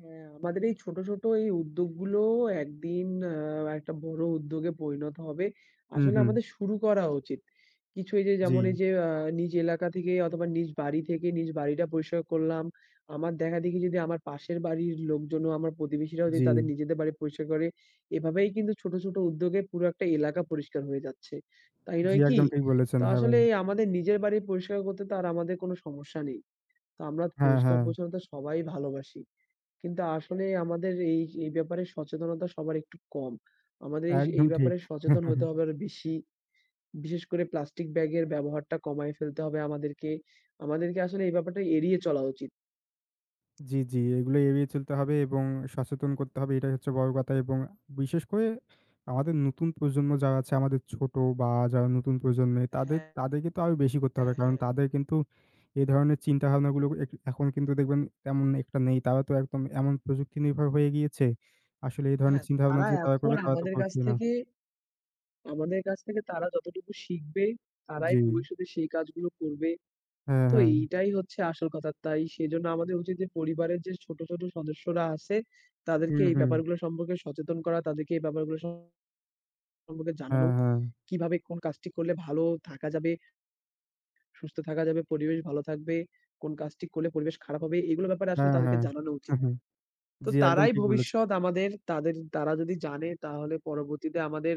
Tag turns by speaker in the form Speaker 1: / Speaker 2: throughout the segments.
Speaker 1: হ্যাঁ, আমাদের এই ছোট, ছোট এই উদ্যোগ গুলোও একদিন আ একটা বড় উদ্যোগে পরিণত হবে।
Speaker 2: হুম,
Speaker 1: আসলে
Speaker 2: হুম।
Speaker 1: আমাদের শুরু করা উচিত। কিছু এই যে যেমন এই
Speaker 2: জি।
Speaker 1: যে আ নিজ এলাকা থেকে অথবা নিজ বাড়ি থেকে নিজ বাড়িটা পরিষ্কার করলাম। আমার দেখা দেখি যদি আমার পাশের বাড়ির লোকজনও, আমার প্রতিবেশীরাও যদি তাদের
Speaker 2: জি।
Speaker 1: নিজেদের বাড়ি পরিষ্কার করে, এভাবেই কিন্তু ছোট, ছোট উদ্যোগে পুরো একটা এলাকা পরিষ্কার হয়ে যাচ্ছে। তাই
Speaker 2: জি
Speaker 1: নয় কি?
Speaker 2: একদম ঠিক বলেছেন,
Speaker 1: তো
Speaker 2: হ্যাঁ ভাই।
Speaker 1: আসলে আমাদের নিজের বাড়ি পরিষ্কার করতে তো আর আমাদের কোন সমস্যা নেই। তো আমরা
Speaker 2: হ্যাঁ, হ্যাঁ।
Speaker 1: পরিষ্কার-পরিচ্ছন্নতা সবাই ভালোবাসি। কিন্তু আসলে আমাদের এই, এই ব্যাপারে সচেতনতা সবার একটু কম। আমাদের এই
Speaker 2: একদম ঠিক।
Speaker 1: ব্যাপারে সচেতন হতে হবে আরও বেশি। বিশেষ করে প্লাস্টিক ব্যাগের ব্যবহারটা কমায় ফেলতে হবে আমাদেরকে। আমাদেরকে আসলে এই ব্যাপারটা এড়িয়ে চলা উচিত।
Speaker 2: জি, জি এগুলো এড়িয়ে চলতে হবে, এবং সচেতন করতে হবে এটাই হচ্ছে বড় কথা এবং বিশেষ করে আমাদের নতুন প্রজন্ম যারা আছে, আমাদের ছোট বা যারা নতুন প্রজন্মের তাদের
Speaker 1: হ্যাঁ,
Speaker 2: তাদেরকে তো আরও বেশি করতে
Speaker 1: হ্যা,
Speaker 2: হবে। কারণ
Speaker 1: হ্যাঁ।
Speaker 2: তাদের কিন্তু এই ধরনের চিন্তাভাবনা গুলো এক এখন কিন্তু দেখবেন তেমন একটা নেই। তারা তো একদম এমন প্রযুক্তিনির্ভর হয়ে গিয়েছে। আসলে এই ধরনের
Speaker 1: হ্যাঁ,
Speaker 2: চিন্তাভাবনা
Speaker 1: তারা
Speaker 2: যে তারা
Speaker 1: এখন
Speaker 2: করবে তারা তো
Speaker 1: আমাদের কাছ
Speaker 2: করছে না।
Speaker 1: থেকে, আমাদের কাছ থেকে তারা যতটুকু শিখবে, তারাই
Speaker 2: জি।
Speaker 1: ভবিষ্যতে সেই কাজগুলো করবে।
Speaker 2: হ্যাঁ,
Speaker 1: তো
Speaker 2: হ্যাঁ।
Speaker 1: এইটাই হচ্ছে আসল কথা। তাই সেজন্য আমাদের উচিত যে পরিবারের যে ছোট, ছোট সদস্যরা আছে, তাদেরকে
Speaker 2: হুম,
Speaker 1: এই
Speaker 2: হুম।
Speaker 1: ব্যাপারগুলো সম্পর্কে সচেতন করা। তাদেরকে এই ব্যাপারগুলো সম্পর্কে জানানো,
Speaker 2: হ্যাঁ, হ্যাঁ।
Speaker 1: কিভাবে কোন কাজটি করলে ভালো থাকা যাবে, সুস্থ থাকা যাবে, পরিবেশ ভালো থাকবে, কোন কাজটি করলে পরিবেশ খারাপ হবে। এগুলো ব্যাপারে আসলে
Speaker 2: হ্যাঁ,
Speaker 1: তাদেরকে
Speaker 2: হ্যাঁ।
Speaker 1: জানানো
Speaker 2: হুম,
Speaker 1: উচিত।
Speaker 2: হুম।
Speaker 1: তো
Speaker 2: জি একদম
Speaker 1: তারাই
Speaker 2: ঠিক বলেছেন।
Speaker 1: ভবিষ্যৎ আমাদের। তাদের তারা যদি জানে তাহলে পরবর্তীতে আমাদের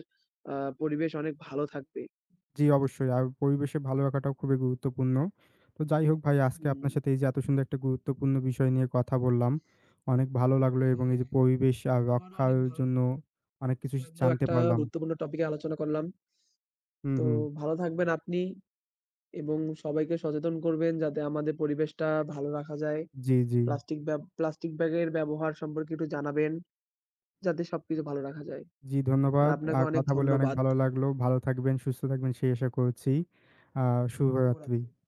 Speaker 1: আ পরিবেশ অনেক ভালো থাকবে।
Speaker 2: জি অবশ্যই আর পরিবেশের ভালো রাখাটাও খুবই গুরুত্বপূর্ণ। তো যাই হোক ভাই আজকে
Speaker 1: হুম।
Speaker 2: আপনার সাথে এই যে এত সুন্দর একটা গুরুত্বপূর্ণ বিষয় নিয়ে কথা বললাম, অনেক ভালো লাগলো এবং এই
Speaker 1: হ্যাঁ,
Speaker 2: যে পরিবেশ আ
Speaker 1: আবারও
Speaker 2: রক্ষার
Speaker 1: অনেক ভালো
Speaker 2: জন্য অনেক কিছু শি
Speaker 1: লাগলো
Speaker 2: জানতে
Speaker 1: একটা
Speaker 2: পারলাম।
Speaker 1: গুরুত্বপূর্ণ টপিক নিয়ে আলোচনা করলাম।
Speaker 2: হুম,
Speaker 1: তো
Speaker 2: হু।
Speaker 1: ভালো থাকবেন আপনি, এবং সবাইকে সচেতন করবেন যাতে আমাদের পরিবেশটা ভালো রাখা যায়।
Speaker 2: জি, জি।
Speaker 1: প্লাস্টিক ব্যা প্লাস্টিক ব্যাগের ব্যবহার সম্পর্কে একটু জানাবেন, যাতে সবকিছু ভালো রাখা যায়।
Speaker 2: জি
Speaker 1: আর
Speaker 2: ধন্যবাদ। আ
Speaker 1: আপনাকে অনেক
Speaker 2: কথা বলে অনেক
Speaker 1: ধন্যবাদ।
Speaker 2: ভালো লাগলো। ভালো থাকবেন, সুস্থ থাকবেন সেই আশা করছি। আ শুভরাত্রি।
Speaker 1: শুভরাত্রি।